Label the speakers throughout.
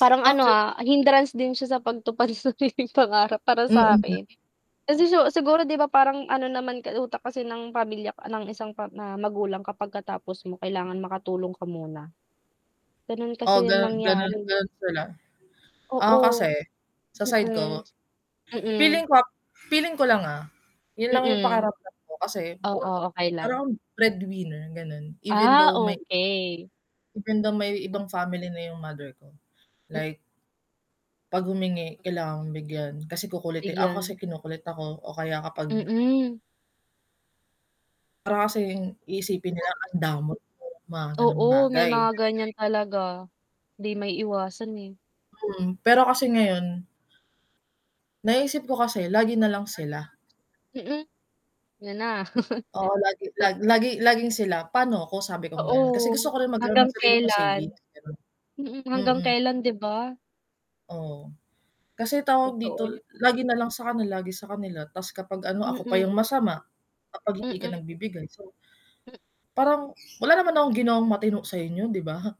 Speaker 1: Parang ano
Speaker 2: Okey.
Speaker 1: ah, hindrance din siya sa pagtupad pangarap para
Speaker 2: Hmm.
Speaker 1: sakin. Kasi si siguro, 'di ba, parang ano naman ka utak kasi ng pamilya k ng isang pa na magulang, kapag katapos mo kailangan makatulong ka muna? Ganun
Speaker 2: Oo
Speaker 1: kasi yung
Speaker 2: ganon
Speaker 1: nangyari
Speaker 2: ganon
Speaker 1: eh.
Speaker 2: ganon sila. ako kasi,
Speaker 1: Oo.
Speaker 2: sa side
Speaker 1: Hmm.
Speaker 2: ko, feeling
Speaker 1: Mm.
Speaker 2: ko ah, feeling ko lang ah, yun lang yung
Speaker 1: Mm.
Speaker 2: pakiramdam ko kasi,
Speaker 1: Oo, okey
Speaker 2: para
Speaker 1: lang.
Speaker 2: kang breadwinner ganon, even
Speaker 1: Ah,
Speaker 2: though may
Speaker 1: okey.
Speaker 2: even though may ibang may ibang family na yung mother ko.
Speaker 1: Hmm.
Speaker 2: Like 'pag humingi, kailangan mong bigyan kasi kukulitin ako kasi
Speaker 1: Bigyan?
Speaker 2: kinukulit ako o kaya kapag
Speaker 1: Mm.
Speaker 2: para kasing iisipin nila,
Speaker 1: [unintelligible]
Speaker 2: ang damot mo, mga ganong
Speaker 1: Oo, may
Speaker 2: bagay.
Speaker 1: mga ganyan talaga. 'Di maiiwasan eh.
Speaker 2: Hmm, pero kasi
Speaker 1: Pero
Speaker 2: ngayon naiisip ko kasi
Speaker 1: [unintelligible]
Speaker 2: lagi nalang sila.
Speaker 1: hmm. Yan na.
Speaker 2: Oo lagi
Speaker 1: Tot
Speaker 2: lag laging sila, paano ako sabi kong
Speaker 1: Oo,
Speaker 2: ganon, kasi gusto ko rin magkaroon
Speaker 1: hanggang
Speaker 2: ng sarili ko savings,
Speaker 1: kailan.
Speaker 2: ganun.
Speaker 1: Hmm, hanggang
Speaker 2: Hmm.
Speaker 1: kailan 'di ba?
Speaker 2: Oo. Kasi tawag
Speaker 1: Totoo yan,
Speaker 2: dito
Speaker 1: hmm.
Speaker 2: lagi nalang sakanila, lagi sakanila, ta's kapag ano, ako pa yung
Speaker 1: Hmm.
Speaker 2: masama. Kapag hindi ka
Speaker 1: Mm.
Speaker 2: nagbibigay so
Speaker 1: Hmm.
Speaker 2: parang wala naman akong ginawang matino sa inyo 'di ba?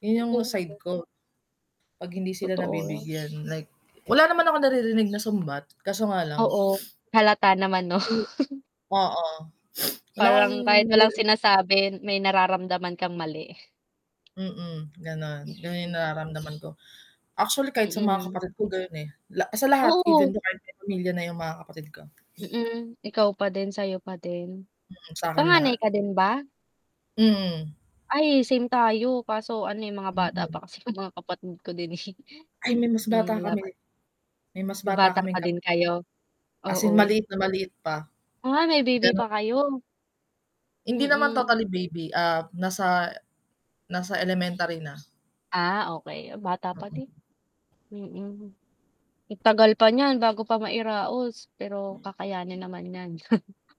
Speaker 2: Yun yung side
Speaker 1: Oo.
Speaker 2: ko. 'Pag hindi sila
Speaker 1: Totoo.
Speaker 2: nabibigyan like, wala naman akong naririnig na sumbat kaso nga lang
Speaker 1: Oo, halata naman 'no?
Speaker 2: o oo wala kang
Speaker 1: Parang kahit walang
Speaker 2: mariri
Speaker 1: sinasabi, may nararamdaman kang mali.
Speaker 2: Hmm, ganon, ganon yung
Speaker 1: Mhm.
Speaker 2: nararamdaman ko. Actually kahit sa mga
Speaker 1: Mm.
Speaker 2: kapatid ko ganon eh. la sa lahat even
Speaker 1: Oo.
Speaker 2: though kahit may pamilya na yung mga kapatid ko.
Speaker 1: Hmm, ikaw pa din, sayo pa din.
Speaker 2: Hmm, sa 'kin lahat.
Speaker 1: Panganay ka din ba?
Speaker 2: Mm.
Speaker 1: Ay, same tayo kaso ano eh, mga bata
Speaker 2: Hmm.
Speaker 1: pa kasi yung mga kapatid ko din eh.
Speaker 2: Ay may mas
Speaker 1: Hmm,
Speaker 2: bata
Speaker 1: wala
Speaker 2: kami.
Speaker 1: pa.
Speaker 2: May mas
Speaker 1: Nung
Speaker 2: bata
Speaker 1: bata pa
Speaker 2: kaming
Speaker 1: din
Speaker 2: kapatid.
Speaker 1: kayo?
Speaker 2: As in
Speaker 1: Oo.
Speaker 2: maliit na maliit pa.
Speaker 1: Ah, may baby pa
Speaker 2: Ganun
Speaker 1: kayo?
Speaker 2: Hindi naman
Speaker 1: Hmm.
Speaker 2: totally baby ah, nasa nasa elementary na.
Speaker 1: Ah, okey bata pa din.
Speaker 2: Hmm.
Speaker 1: Hmm. Ang tagal pa niyan bago pa mai-raos, pero kakayanin naman 'yan.